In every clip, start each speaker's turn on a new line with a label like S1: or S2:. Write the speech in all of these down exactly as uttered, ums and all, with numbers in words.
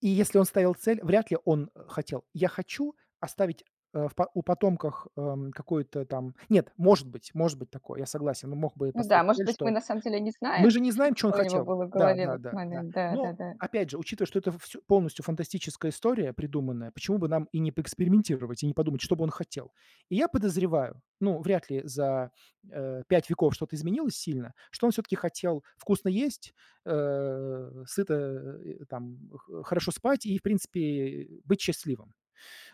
S1: И если он ставил цель, вряд ли он, э, хотел. Я хочу оставить, э, в па у потомках, э, какую-то там нет, может быть может быть такое, я согласен, но мог бы и
S2: Ну, да,
S1: поставить
S2: может
S1: цель,
S2: быть, мы
S1: что
S2: на самом деле не
S1: мы же
S2: знаем,
S1: не знаем, чё он
S2: что у него
S1: хотел
S2: было
S1: Да,
S2: голове в
S1: да,
S2: этот
S1: да, да.
S2: момент.
S1: Но,
S2: Да-да-да.
S1: опять же, учитывая, что это вс полностью фантастическая история придуманная, почему бы нам и не поэкспериментировать и не подумать, что бы он хотел? И я подозреваю, ну, вряд ли за, э, пять веков что-то изменилось сильно, что он всё-таки хотел вкусно есть, э, сыто, э, там, х хорошо спать и, в принципе, быть счастливым.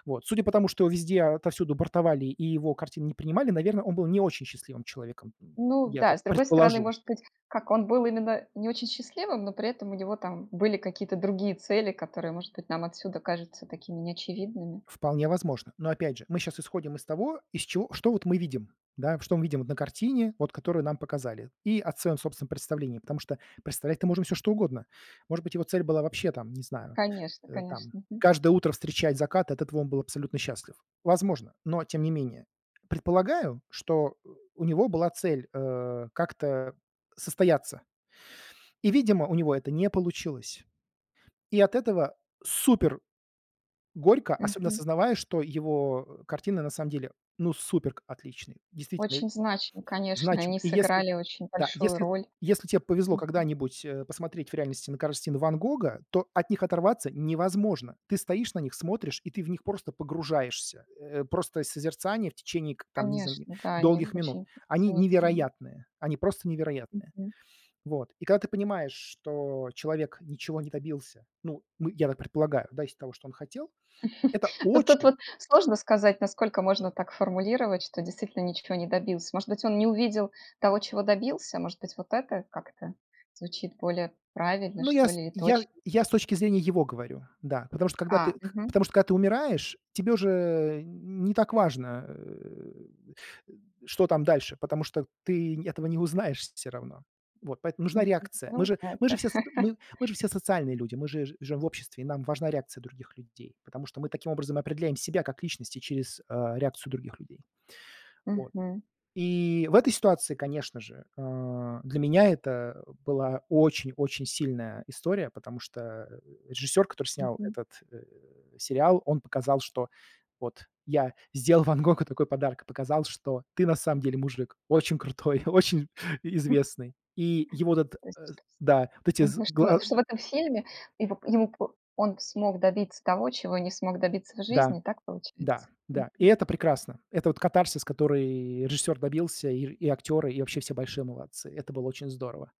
S1: Вот, судя по тому, что везде, отовсюду бортовали, и его картины не принимали, наверно, он был не очень счастливым человеком, м,
S2: Ну,
S1: я
S2: да,
S1: так
S2: с другой стороны,
S1: предположу.
S2: может быть, как он был именно не очень счастливым, но при этом у него там были какие-то другие цели, которые, может быть, нам отсюда кажутся такими, неочевидными.
S1: Вполне возможно. Но, опять же, мы щас исходим из того, из чего что вот мы видим, да, в что мы видим на картине, вот которую нам показали, и от своём собственном представлении, потому что представлять-то можно всё что угодно. Может быть, его цель была вообще там, не знаю,
S2: Конечно,
S1: э,
S2: конечно.
S1: там
S2: Мгм.
S1: каждое утро встречать закат, от этого он был абсолютно счастлив. Возможно, но тем не менее. Предполагаю, что, э, у него была цель, э, как-то состояться, И, видимо, у него это не получилось. И от этого супер горько, особенно
S2: Мгм.
S1: осознавая, что его, э, картины на самом деле, ну, супер к отличные, действительно
S2: Очень значимо, конечно.
S1: значим
S2: Они
S1: И если
S2: сыграли очень
S1: да,
S2: большую
S1: если
S2: роль.
S1: если те повезло
S2: Мгм.
S1: когда-нибудь, э, посмотреть в реальности на карстины Ван Гога, то от них оторваться невозможно. Ты стоишь на них, смотришь, и ты в них просто погружаешься. Э, просто созерцание в течение к там, не знаю, н
S2: Конечно, да, они
S1: долгих минут.
S2: очень
S1: Они
S2: изумительны.
S1: невероятные, они просто невероятные.
S2: Мгм.
S1: Вот, и когда ты понимаешь, что человек ничего не добился, ну, мы я так предполагаю, да, из того, что он хотел- это
S2: Ну, тут
S1: очень
S2: вот сложно сказать, насколько можно так формулировать, что действительно ниче не добился. Может быть, он не увидел того, чего добился? Может быть, вот э как-то звучит более правильно,
S1: Ну, я
S2: что
S1: с
S2: ли, и
S1: я
S2: точно?
S1: я с точки зрения его говорю, да, потому что когда ты
S2: А,
S1: кх
S2: мгм.
S1: потому что когда ты умираешь, тебе уже не так важно, э, что там дальше, потому что ты н этого не узнаешь всё равно. Вот. Поэтому нужна
S2: Мгм,
S1: реакция. Мы
S2: ну,
S1: же мы же
S2: да-да.
S1: все с мы мы же все социальные люди, мы же жи живем в обществе, и нам важна реакция других людей. Потому что мы таким образом определяем себя как личности через, а, реакцию других людей. Вот.
S2: Мгм.
S1: И в этой ситуации, конечно же, а, для меня это была очень-очень сильная история, потому что режиссёр, который снял
S2: Мгм.
S1: этот, э, сериал, он показал, что вот, я сделал Ван Гогу такой подарок, и показал, что ты на самом деле мужик, очень крутой, очень и известный. И его этот
S2: То
S1: э,
S2: есть
S1: да вот эти з
S2: Мгм, что
S1: гла
S2: что в этом фильме его ему п он смог добиться того, чего не смог добиться в
S1: Да,
S2: жизни. Так
S1: да,
S2: получается?
S1: да, и
S2: Мгм.
S1: это прекрасно. Это вот катарсис, который режиссер добился, ир и актеры, и вообще все большие молодцы. Это было очень здорово.